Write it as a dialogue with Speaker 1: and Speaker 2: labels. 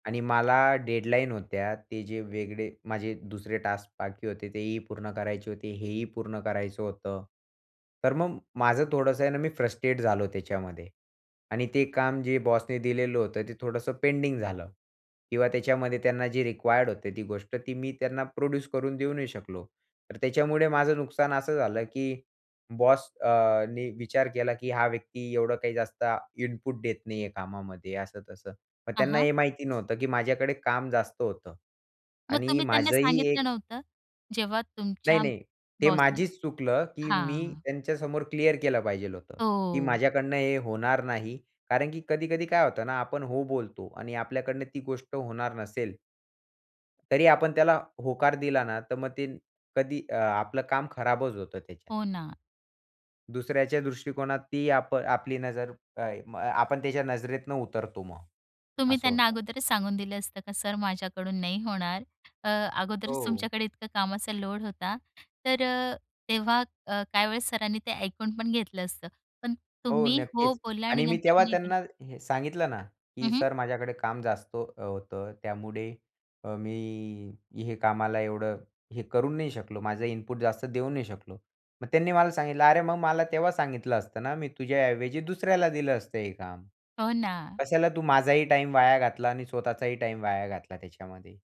Speaker 1: आणि मला डेडलाईन होत्या. ते जे वेगळे माझे दुसरे टास्क बाकी होते, तेही पूर्ण करायचे होते, हे ही पूर्ण करायचं होतं. तर मग माझं थोडंसं आहे ना, मी फ्रस्ट्रेट झालो त्याच्यामध्ये आणि ते काम जे बॉसने दिलेलं होतं ते थोडंसं पेंडिंग झालं किंवा त्याच्यामध्ये त्यांना जे रिक्वायर्ड होते ती गोष्ट ती मी त्यांना प्रोड्यूस करून देऊ नाही शकलो. तर त्याच्यामुळे माझं नुकसान असं झालं की बॉस अ, नी, विचार केला की हा व्यक्ती एवढं काही जास्त इनपुट देत नाहीये कामामध्ये असं-तसं. मग
Speaker 2: हां,
Speaker 1: त्यांना
Speaker 2: हां.
Speaker 1: हे माहिती नव्हतं की माझ्याकडे काम जास्त होतं
Speaker 2: मग
Speaker 1: आणि
Speaker 2: तुम्ही त्यांना
Speaker 1: माझंही
Speaker 2: सांगितलं
Speaker 1: एक
Speaker 2: नव्हतं? जेव्हा तुमच्या
Speaker 1: नाही-नाही, ते
Speaker 2: बॉस ने
Speaker 1: माझचं चुकलं की मी
Speaker 2: हां.
Speaker 1: त्यांच्यासमोर क्लिअर केलं पाहिजे होतं की,
Speaker 2: हो.
Speaker 1: "माझ्याकडनं हे होणार नाही" कारण की कधी-कधी काय होतं ना, आपण हो बोलतो आणि आपल्याकडनं ती गोष्ट होणार नसेल तरी आपण त्याला होकार दिला ना, तर मग ते कधी अ, आपलं काम खराबच होतं त्याच्यात.
Speaker 2: हो ना.
Speaker 1: दुसऱ्याच्या दृष्टिकोनात ती आप आपली नजर आय म आ आपण त्याच्या नजरेतून उतरतो मग,
Speaker 2: तुम्ही
Speaker 1: असं
Speaker 2: त्यांना
Speaker 1: होतं.
Speaker 2: अगोदरच सांगून दिलं असतं का, "सर, माझ्याकडून नाही होणार?" अ, अगोदरच
Speaker 1: हो.
Speaker 2: तुमच्याकडे इतकं कामाचा लोड होता, तर अ, तेव्हा अ, काही वेळेस सरांनी ते ऐकून पण घेतलं असतं. पण
Speaker 1: हो,
Speaker 2: तुम्ही हो
Speaker 1: नक्कीच
Speaker 2: बोला आणि
Speaker 1: आणि मी
Speaker 2: नंतर
Speaker 1: तेव्हा
Speaker 2: नाही [unintelligible]
Speaker 1: त्यांना हे सांगितलं ना,
Speaker 2: हं,
Speaker 1: की,
Speaker 2: हं.
Speaker 1: "सर माझ्याकडे काम जास्त अ, होतं त्यामुळे अ, मी, हे कामाला एवढं हे करू नाही शकलो, माझं इनपुट जास्त देऊ नाही शकलो." मग त्यांनी मला सांगितलं, "अरे, मग मला तेव्हा सांगितलं असतं ना, मी तुझ्याऐवजी दुसऱ्याला दिलं असतं हे काम.
Speaker 2: हो ना.
Speaker 1: कशाला तू माझाही टाईम वाया घातला आणि स्वतःचाही टाईम वाया घातला त्याच्यामध्ये."